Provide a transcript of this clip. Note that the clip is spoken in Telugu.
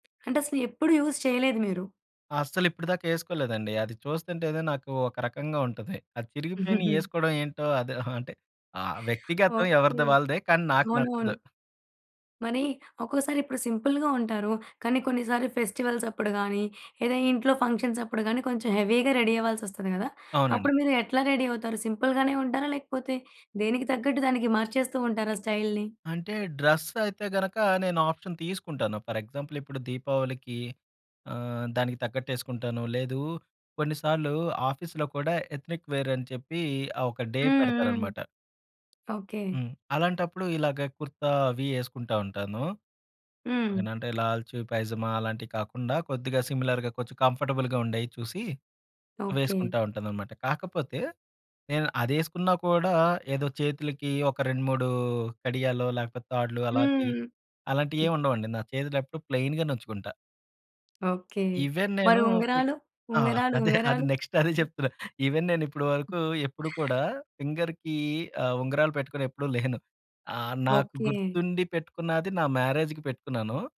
అంటే అసలు ఎప్పుడు యూజ్ చేయలేదు మీరు. అస్సలు ఇప్పటిదాకా ఎసుకోలేదండి అది చూస్తుంటే ఏదో నాకు ఒక రకంగా ఉంటది. అది చిరిగిపోయిన ఏసుకోవడం ఏంటో అది అంటే ఆ! వ్యక్తిగతం ఓకే. ఎవరిది వాళ్ళదే కానీ నాకు అవును. నచ్చదు. అవును. మరి ఒక్కోసారి ఇప్పుడు సింపుల్‌గా ఉంటారు. కానీ కొన్నిసార్లు ఫెస్టివల్స్ అప్పుడు కాని లేదా ఇంట్లో ఫంక్షన్స్‌ప్పుడు కానీ కొంచెం హెవీగా రెడీ అవ్వాల్సొస్తది కదా! అవునండి. అప్పుడు మీరు ఎట్లా రెడీ అవుతారు? సింపుల్‌గానే ఉంటారా? లేకపోతే దేనికి తగ్గట్టు దానికి మార్చేస్తూ ఉంటారా స్టైల్ని? అంటే డ్రెసైతే గనక నేను ఆప్షన్ తీసుకుంటాను. ఫర్ ఎగ్జాంపుల్ ఇప్పుడు 'దీపావళికి' ఆహ్, దానికి తగ్గట్టు ఎసుకుంటాను. లేదు కొన్నిసార్లు ఆఫీస్‌లో కూడా ఎత్నిక్ వేర్ అని చెప్పి ఆ ఒక డే హ్మ్. హ్మ్. పెడతారన్నమాట. ఓకే. హ్మ్. అలాంటప్పుడు ఇలాగ కుర్తా అవి ఎసుకుంటా ఉంటాను. హ్మ్. ఓకేనంటే లాల్చీ, పైజామా అలాంటివి కాకుండా కొద్దిగా సిమిలర్‌గా కొంచెం కంఫర్టబుల్‌గా ఉండేయి చూసి ఓకే. వేసుకుంటా ఉంటానన్నమాట. కాకపోతే నేను అదేసుకున్నా కూడా ఏదో చేతులకి ఒక 2, 3 కడియాలో లేకపోతే తాడ్లు అలాంటి‌యి హ్మ్. అలాంటి‌యేం ఉండవండి. నా చేతులేపుడు ప్లెయిన్‌గా నుంచుకుంటా. ఓకే. ఈవెన్ మరి నేను ఫి ఉంగరాలు, ఆ! ఉంగరాలు, అదే ఆది ఉంగరాలు. నెక్స్ట్ అదే చెప్తున్నా. ఈవెన్ నేను ఇప్పడు వరకు ఎప్పుడు కూడా ఫింగర్‌కి ఆహ్, ఉంగరాలు పెట్టుకొని ఎప్పుడు లేను, ఆహ్, నాకు ఓకే. గుర్తుండి పెట్టుకున్నది నా మ్యారేజ్‌కి పెట్టుకున్నాను.